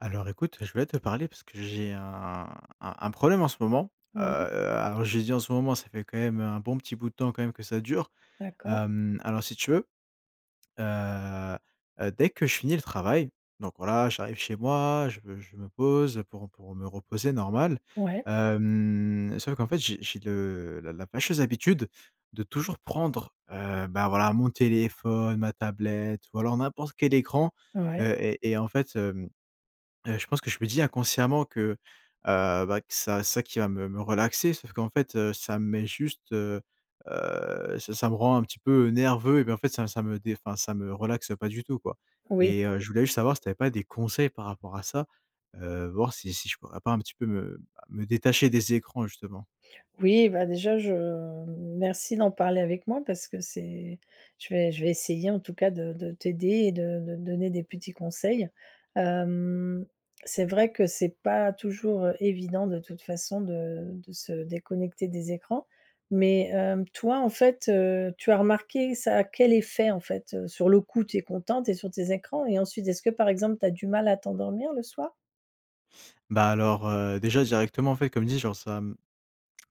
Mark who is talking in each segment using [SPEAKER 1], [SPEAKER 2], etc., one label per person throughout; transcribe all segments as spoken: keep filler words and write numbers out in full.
[SPEAKER 1] Alors écoute, je voulais te parler parce que j'ai un un un problème en ce moment, heu,
[SPEAKER 2] Oui.
[SPEAKER 1] a alors j'ai dit: «En ce moment», ça fait quand même un bon petit bout de temps quand même que ça dure,
[SPEAKER 2] D'accord.
[SPEAKER 1] hem, alors si tu veux, heu heu, dès que je finis le travail, donc voilà, j'arrive chez moi, je me je me pose pour pour me reposer, normal,
[SPEAKER 2] Ouais.
[SPEAKER 1] hem, sauf qu'en fait, j'ai j'ai le la la fâcheuse habitude de toujours prendre, heu, bah, voilà, mon téléphone, ma tablette ou alors n'importe quel écran,
[SPEAKER 2] Ouais.
[SPEAKER 1] heu et et en fait, hem, heu, je pense que je me dit, inconsciemment, que, heu, bah, que ça c'est ça qui va me relaxer. Sauf qu'en fait, heu, ça me met juste, heu heu, ça ça me rend un petit peu nerveux, eh ben, en fait, ça ça me dé enfin, ça me relaxe pas du tout, quoi
[SPEAKER 2] Oui.
[SPEAKER 1] et heu, je voulais juste savoir si tu avais pas des conseils par rapport à ça, heu, voir si si je pourrais pas un petit peu me, bah, me détacher des écrans, justement.
[SPEAKER 2] Oui, bah, déjà, je m merci d'en parler avec moi parce que c'est je vais je vais essayer, en tout cas, de de t'aider et de de donner des petits conseils, hem, c'est vrai que c'est pas toujours évident de toute façon de de se déconnecter des écrans mais hem, toi, en fait, heu, tu as remarqué, ça a quel effet, en fait? Heu, sur le coup, tu es content, tu es sur tes écrans et ensuite est-ce que, par exemple, tu as du mal à t'endormir le soir?
[SPEAKER 1] Bah, alors, heu, déjà, directement, en fait, comme dit, genre, ça, mmh,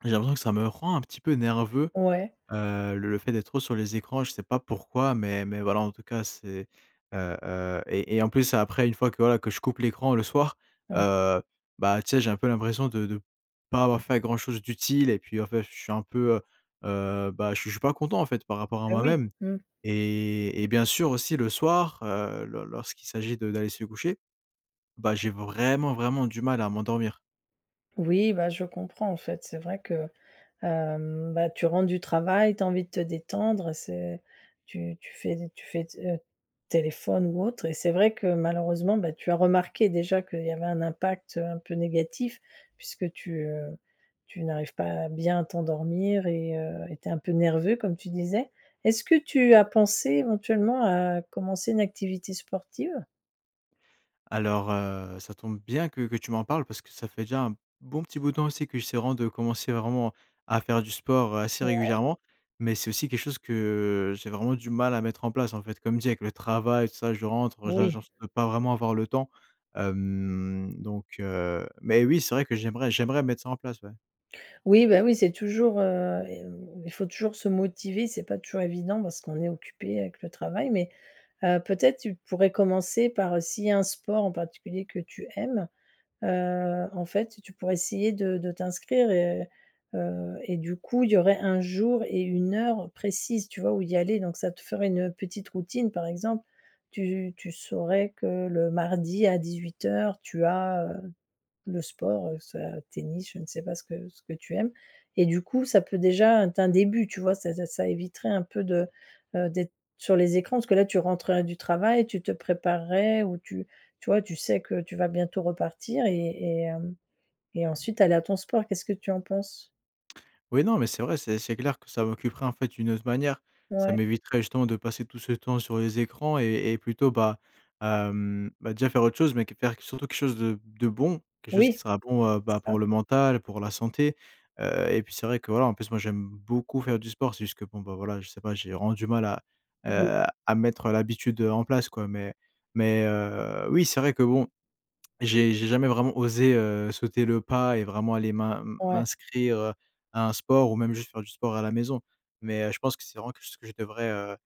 [SPEAKER 1] j'ai l'impression que ça me rend un petit peu nerveux,
[SPEAKER 2] Ouais.
[SPEAKER 1] heu, le fait d'être trop sur les écrans. Je sais pas pourquoi, mais mais voilà, en tout cas, c'est heu heu et et en plus après une fois que voilà, que je coupe l'écran le soir,
[SPEAKER 2] Mmh.
[SPEAKER 1] heu, bah, tu sais, j'ai un peu l'impression de de pas avoir fait grand chose d'utile et puis en fait, je suis un peu, heu heu, bah, je je suis pas content, en fait, par rapport à
[SPEAKER 2] Bah, oui.
[SPEAKER 1] moi-même
[SPEAKER 2] Mmh.
[SPEAKER 1] et et bien sûr aussi le soir, heu, lors lorsqu'il s'agit de d'aller se coucher, bah, j'ai vraiment, vraiment du mal à m'endormir.
[SPEAKER 2] Oui bah je comprends en fait, c'est vrai que hem, bah tu rentres du travail, tu as envie de te détendre, heu, c'est tu tu fais d tu fais, heu, téléphone ou autre et c'est vrai que malheureusement, bah tu as remarqué déjà qu'il y avait un impact, heu, un peu négatif puisque tu, heu, tu n'arrives pas à bien t'endormir et heu et tu es un peu nerveux comme tu disais. Est-ce que tu as pensé éventuellement à commencer une activité sportive?
[SPEAKER 1] Alors heu, ça tombe bien que que tu m'en parles parce que ça fait déjà un bon petit bout de temps aussi que j'essaie vraiment de commencer vraiment à faire du sport, heu, assez
[SPEAKER 2] Ouais.
[SPEAKER 1] régulièrement. Mais c'est aussi quelque chose que j'ai vraiment du mal à mettre en place en fait. Comme dit, avec le travail, tout ça, je rentre, heu, je
[SPEAKER 2] Oui.
[SPEAKER 1] genre je peux pas vraiment avoir le temps. Hem donc heu, mais oui, c'est vrai que j'aimerais j'aimerais mettre ça en place ouais.
[SPEAKER 2] Oui, bah oui c'est toujours, heu et mmh, il faut toujours se motiver. C'est pas toujours évident parce qu'on est occupé avec le travail mais heu, peut-être tu pourrais commencer par, heu, s'il y a un sport en particulier que tu aimes, heu, en fait, tu pourrais essayer de de t'inscrire et heu et du coup, il y aurait un jour et une heure précise, tu vois, où y aller donc ça te ferait une petite routine, par exemple. Tu tu saurais que le mardi à dix-huit heures tu as, heu, le sport, heu, soit tennis je ne sais pas ce que ce que tu aimes et du coup, ça peut déjà être un début, tu vois? Ça de ça éviterait un peu de, heu, d'être sur les écrans parce que là, tu rentrerais du travail tu te préparerais ou tu tu vois? Tu sais que tu vas bientôt repartir et et hem et ensuite aller à ton sport. Qu'est-ce que tu en penses?
[SPEAKER 1] Ouais, non, mais c'est vrai, c'est c'est clair que ça m'occuperait en fait d'une autre manière. Ça
[SPEAKER 2] Ouais.
[SPEAKER 1] m'éviterait justement de passer tout ce temps sur les écrans et et plutôt bah, hem, bah déjà faire autre chose, mais que faire surtout quelque chose de de bon, quelque chose qui
[SPEAKER 2] Oui.
[SPEAKER 1] sera bon, heu,
[SPEAKER 2] C'est
[SPEAKER 1] bah
[SPEAKER 2] ça.
[SPEAKER 1] pour le mental, pour la santé. Heu et puis, c'est vrai que voilà, en plus, moi j'aime beaucoup faire du sport, c'est juste que bon bah voilà, je sais pas, j'ai vraiment du mal à,
[SPEAKER 2] Oui.
[SPEAKER 1] heu, à mettre l'habitude, heu, en place quoi. Mais mais heu, oui, c'est vrai que bon, j'ai jamais vraiment osé, heu, sauter le pas et vraiment aller m'in
[SPEAKER 2] Ouais.
[SPEAKER 1] m'inscrire, heu, à un sport ou même juste faire du sport à la maison. Mais heu, je pense que c'est vraiment que je devrais, heu heu,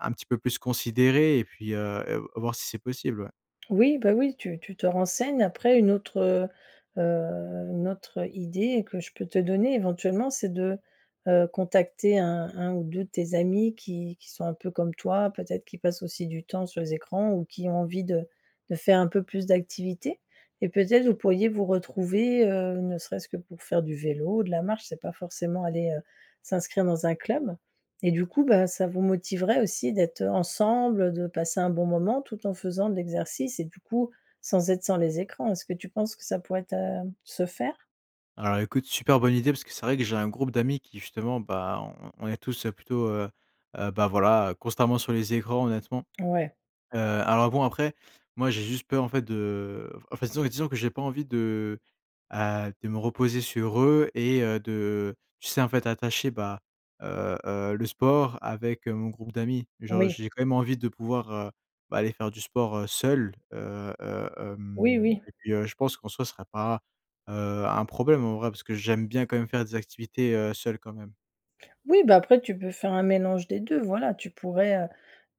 [SPEAKER 1] un petit peu plus considérer et puis, heu et voir si c'est possible, ouais.
[SPEAKER 2] Oui bah oui tu tu te renseignes. Après une autre, heu heu, une autre, heu, idée que je peux te donner éventuellement c'est de, heu, contacter un un ou deux de tes amis qui qui sont un peu comme toi, peut-être qui passent aussi du temps sur les écrans ou qui ont envie de de faire un peu plus d'activité et peut-être, vous pourriez vous retrouver, heu, ne serait-ce que pour faire du vélo ou de la marche, c'est pas forcément aller, heu, s'inscrire dans un club et du coup, bah ça vous motiverait aussi d'être, heu, ensemble, de passer un bon moment tout en faisant de l'exercice et du coup, sans être sur les écrans. Est-ce que tu penses que ça pourrait être, heu, se faire?
[SPEAKER 1] Alors écoute, super bonne idée parce que c'est vrai que j'ai un groupe d'amis qui, justement bah, on on est tous, heu, plutôt, heu heu, bah voilà, constamment sur les écrans honnêtement.
[SPEAKER 2] Ouais.
[SPEAKER 1] Heu, alors bon après, moi j'ai juste peur en fait de enfin disons disons que j'ai pas envie de, heu, de me reposer sur eux et heu, de, tu sais, en fait attacher bah, heu heu, le sport avec, heu, mon groupe d'amis. Genre
[SPEAKER 2] Oui.
[SPEAKER 1] j'ai quand même envie de pouvoir, heu, bah aller faire du sport, heu, seul, heu heu,
[SPEAKER 2] Oui,
[SPEAKER 1] hem
[SPEAKER 2] oui.
[SPEAKER 1] et puis heu, je pense qu'en soi, ce sera pas, heu, un problème en vrai, parce que j'aime bien quand même faire des activités, heu, seul quand même.
[SPEAKER 2] Oui bah après tu peux faire un mélange des deux voilà. Tu pourrais, heu,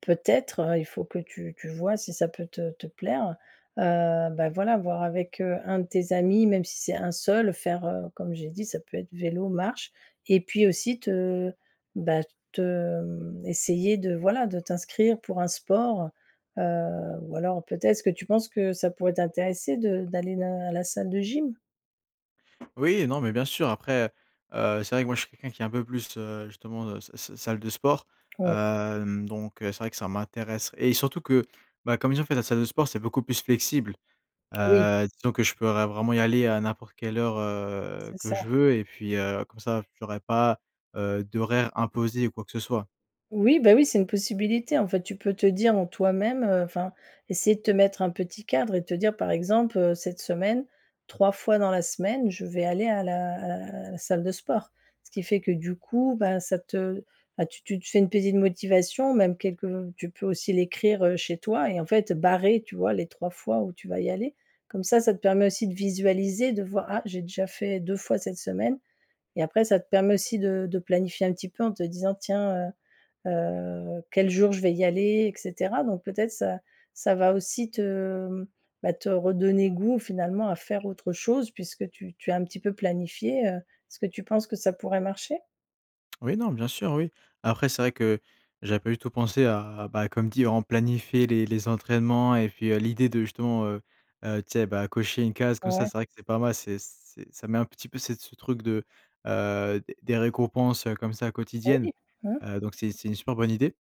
[SPEAKER 2] peut-être, heu, il faut que tu tu vois si ça peut te te plaire. Heu, bah voilà voir avec, heu, un de tes amis, même si c'est un seul faire, heu, comme j'ai dit, ça peut être vélo, marche et puis aussi te bah te mmh, essayer de voilà de t'inscrire pour un sport. Heu, ou alors peut-être, est-ce que tu penses que ça pourrait t'intéresser de d'aller dans à la salle de gym?
[SPEAKER 1] Oui, non mais bien sûr. Après, heu, c'est vrai que moi je suis quelqu'un qui est un peu plus, heu, justement, heu, s s salle de sport.
[SPEAKER 2] Ouais.
[SPEAKER 1] Hem donc heu, c'est vrai que ça m'intéresse et surtout que, bah comme je dis en fait la salle de sport c'est beaucoup plus flexible.
[SPEAKER 2] Oui.
[SPEAKER 1] Heu, disons que je pourrais vraiment y aller à n'importe quelle heure, heu,
[SPEAKER 2] C'est
[SPEAKER 1] que
[SPEAKER 2] ça.
[SPEAKER 1] je veux et puis, heu, comme ça j'aurais pas, heu, d'horaire imposé ou quoi que ce soit.
[SPEAKER 2] Oui bah oui c'est une possibilité en fait, tu peux te dire en toi-même, heu, enfin essayer de te mettre un petit cadre et te dire par exemple, heu: «Cette semaine, trois fois dans la semaine, je vais aller à la à l à la salle de sport». Ce qui fait que du coup bah, ça te bah tu tu te fais une petite motivation, même quelques tu peux aussi l'écrire, heu, chez toi et en fait, heu, barrer tu vois les trois fois où tu vas y aller. Comme ça, ça te permet aussi de visualiser, de voir: «Ah j'ai déjà fait deux fois cette semaine» et après, ça te permet aussi de de planifier un petit peu en te disant: «Tiens, heu heu, quel jour je vais y aller?» et cetera donc peut-être ça ça va aussi te, mmh, bah te redonner goût finalement à faire autre chose puisque tu tu as un petit peu planifié, heu, est-ce que tu penses que ça pourrait marcher?
[SPEAKER 1] Oui, non, bien sûr, oui. Après, c'est vrai que j'avais pas du tout pensé à à bah comme dit, on planifie les les entraînements et puis, heu, l'idée de justement, heu heu, tu sais bah, cocher une case, comme ça,
[SPEAKER 2] Ouais.
[SPEAKER 1] c'est vrai que c'est pas mal. C'est c'est ça met un petit peu cet ce truc de, heu, des des récompenses, heu, comme ça quotidiennes.
[SPEAKER 2] Oui! Mmh.
[SPEAKER 1] Heu donc c'est c'est une super bonne idée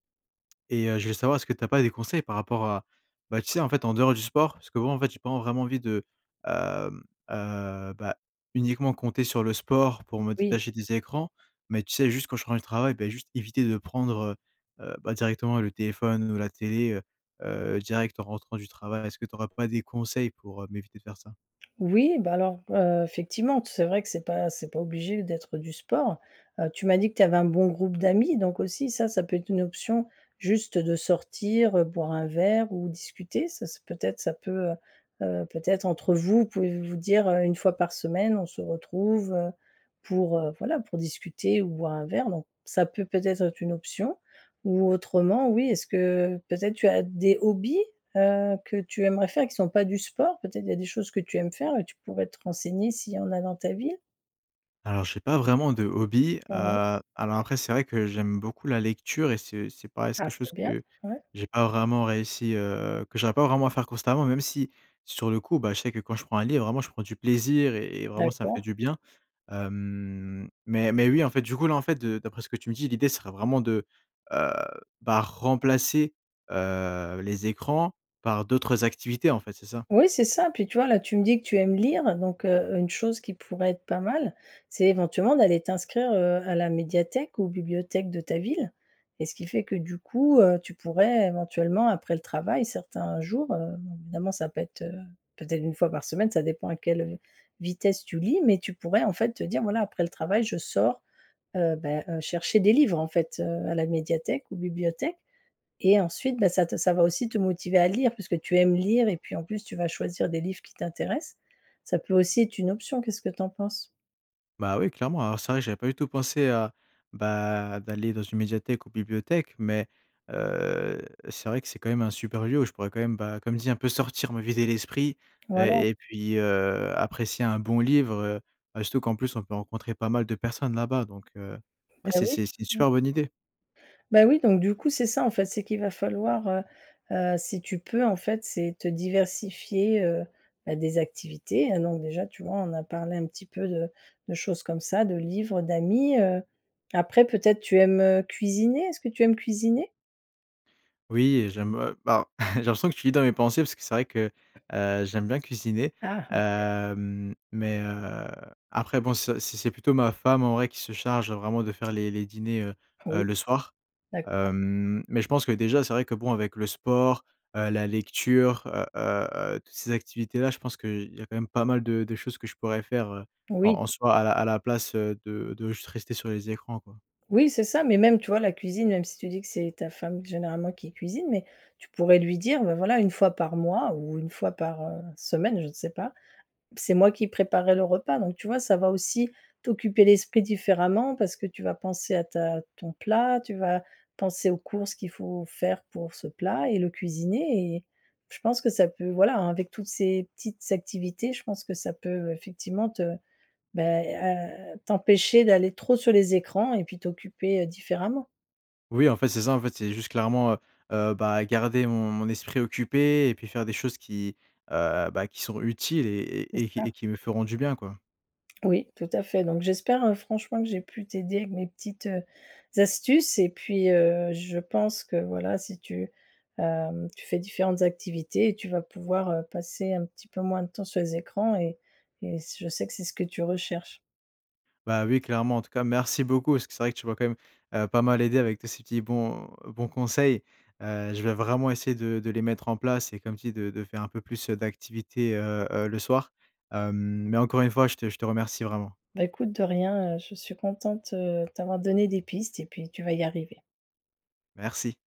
[SPEAKER 1] et heu, je voulais savoir, est-ce que tu as pas des conseils par rapport à bah tu sais en fait en dehors du sport, parce que bon, en fait j'ai pas en vraiment envie de, hem, heu, bah, uniquement compter sur le sport pour me
[SPEAKER 2] Oui.
[SPEAKER 1] détacher des écrans. Mais tu sais, juste quand je rentre du travail, bah juste éviter de prendre, heu heu, bah directement le téléphone ou la télé, heu heu, direct en rentrant du travail. Est-ce que tu aurais pas des conseils pour, heu, m'éviter de faire ça?
[SPEAKER 2] Oui bah alors, heu, fectivement d c'est vrai que c'est pas c'est pas obligé d'être du sport. Heu, tu m'as dit que tu avais un bon groupe d'amis donc aussi ça, ça peut être une option, juste, heu, de sortir, heu, boire un verre ou discuter. Ça ça peu être ça peut, heu heu, peut-être entre vous, pouvez vous vous dire, heu: «une fois par semaine on se retrouve, heu, pour, heu, voilà pour discuter ou boire un verre» donc ça peut peut-être être une option. Ou autrement oui est-ce que peut être tu as des hobbies? Heu, que tu aimerais faire et qui sont pas du sport? Peut-être il y a des choses que tu aimes faire et tu pourrais te renseigner s'il y en a dans ta ville?
[SPEAKER 1] Alors j'ai pas vraiment de hobby,
[SPEAKER 2] Mmh mh.
[SPEAKER 1] heu, alors après, c'est vrai que j'aime beaucoup la lecture et c'est c'est pareil, c'est
[SPEAKER 2] Ah
[SPEAKER 1] quelque
[SPEAKER 2] c'est
[SPEAKER 1] chose
[SPEAKER 2] bien.
[SPEAKER 1] que
[SPEAKER 2] Ouais.
[SPEAKER 1] j'ai pas vraiment réussi, heu, que j'arrive pas vraiment à faire constamment. Même si sur le coup, bah je sais que quand je prends un livre vraiment je prends du plaisir et et vraiment ça me fait
[SPEAKER 2] D'accord.
[SPEAKER 1] du bien. Hem, mais mais oui en fait, du coup là, en fait de d'après ce que tu me dis, l'idée ce serait vraiment de heu, bah remplacer, heu, les écrans par d'autres activités en fait, c'est ça?
[SPEAKER 2] Oui c'est ça, puis tu vois, là, tu me dis que tu aimes lire donc heu, une chose qui pourrait être pas mal, c'est éventuellement d'aller t'inscrire, heu, à la médiathèque ou bibliothèque de ta ville et ce qui fait que du coup, heu, tu pourrais éventuellement après le travail, certains jours, heu, bon, évidemment ça peut être, heu, peut-être une fois par semaine ça dépend à quelle, heu, vitesse tu lis. Mais tu pourrais en fait te dire: «Voilà après le travail je sors, heu bah heu, chercher des livres en fait, heu, à la médiathèque ou bibliothèque» et ensuite, bah ça t ça va aussi te motiver à lire puisque tu aimes lire et puis en plus tu vas choisir des livres qui t'intéressent. Ça peut aussi être une option. Qu'est-ce que tu en penses?
[SPEAKER 1] Bah oui, clairement, alors c'est vrai, que j'avais pas du tout pensé à bah, d'aller dans une médiathèque ou bibliothèque. Mais, heu, c'est vrai que c'est quand même un super lieu où je pourrais quand même, bah, comme dit, un peu sortir, me vider l'esprit
[SPEAKER 2] Voilà.
[SPEAKER 1] et et puis, heu, apprécier un bon livre heu, heu surtout qu'en plus, on peut rencontrer pas mal de personnes là-bas. Donc heu, ouais,
[SPEAKER 2] Bah,
[SPEAKER 1] c'est
[SPEAKER 2] oui.
[SPEAKER 1] c'est c'est une
[SPEAKER 2] Mmh.
[SPEAKER 1] super bonne idée.
[SPEAKER 2] Bah oui, donc du coup, c'est ça en fait, c'est qu'il va falloir, heu, heu, si tu peux en fait, c'est te diversifier, heu bah des activités. Là donc déjà, tu vois, on a parlé un petit peu de de choses comme ça, de livres, d'amis, heu, après peut-être tu aimes, heu, cuisiner. Est-ce que tu aimes cuisiner?
[SPEAKER 1] Oui, heu, j'aime, heu, bah, j'ai l'impression que tu lis dans mes pensées parce que c'est vrai que, heu, j'aime bien cuisiner.
[SPEAKER 2] Ah OK.
[SPEAKER 1] Hem, mais, heu, après bon, ça c'est c'est plutôt ma femme en vrai qui se charge vraiment de faire les les dîners, heu, heu,
[SPEAKER 2] Oui,
[SPEAKER 1] le soir.
[SPEAKER 2] d'accord.
[SPEAKER 1] Hem, mais je pense que déjà, c'est vrai que, bon, avec le sport, heu, la lecture, heu heu heu toutes ces activités-là, je pense qu'il y a quand même pas mal de de choses que je pourrais faire, heu, en
[SPEAKER 2] Oui.
[SPEAKER 1] en soi à la à la place de de juste rester sur les écrans, quoi.
[SPEAKER 2] Oui, c'est ça, mais même, tu vois, la cuisine, même si tu dis que c'est ta femme généralement qui cuisine, mais tu pourrais lui dire, bah, voilà, une fois par mois ou une fois par, heu, semaine je sais pas, p «C'est moi qui préparerais le repas». Donc tu vois ça va aussi t'occuper l'esprit différemment parce que tu vas penser à ta ton plat, tu vas penser aux courses qu'il faut faire pour ce plat et le cuisiner et je pense que ça peut voilà, avec toutes ces petites activités, je pense que ça peut effectivement te bah, heu, t'empêcher d'aller trop sur les écrans et puis t'occuper différemment.
[SPEAKER 1] Oui, en fait, c'est ça, en fait, c'est juste clairement, heu heu, bah, garder mon mon esprit occupé et puis faire des choses qui, heu, bah, qui sont utiles et
[SPEAKER 2] C'est
[SPEAKER 1] et et qui
[SPEAKER 2] ça.
[SPEAKER 1] et qui me feront du bien, quoi.
[SPEAKER 2] Oui, tout à fait, donc j'espère hein, franchement, que j'ai pu t'aider avec mes petites, heu, astuces et puis, heu, je pense que, voilà, si tu, hem, tu fais différentes activités, tu vas pouvoir, heu, passer un petit peu moins de temps sur les écrans et et s je sais que c'est ce que tu recherches.
[SPEAKER 1] Bah oui, clairement, en tout cas, merci beaucoup, parce que c'est vrai que tu m'as quand même, heu, pas mal aidé avec tes ces petits bons bons conseils. Heu, je vais vraiment essayer de de les mettre en place et comme tu dis, de de faire un peu plus heu, d'activités, heu, heu, le soir. Hem, mais encore une fois je te je te remercie, vraiment.
[SPEAKER 2] Bah écoute, de rien, heu, je suis contente, heu, t'avoir donné des pistes et puis tu vas y arriver.
[SPEAKER 1] Merci.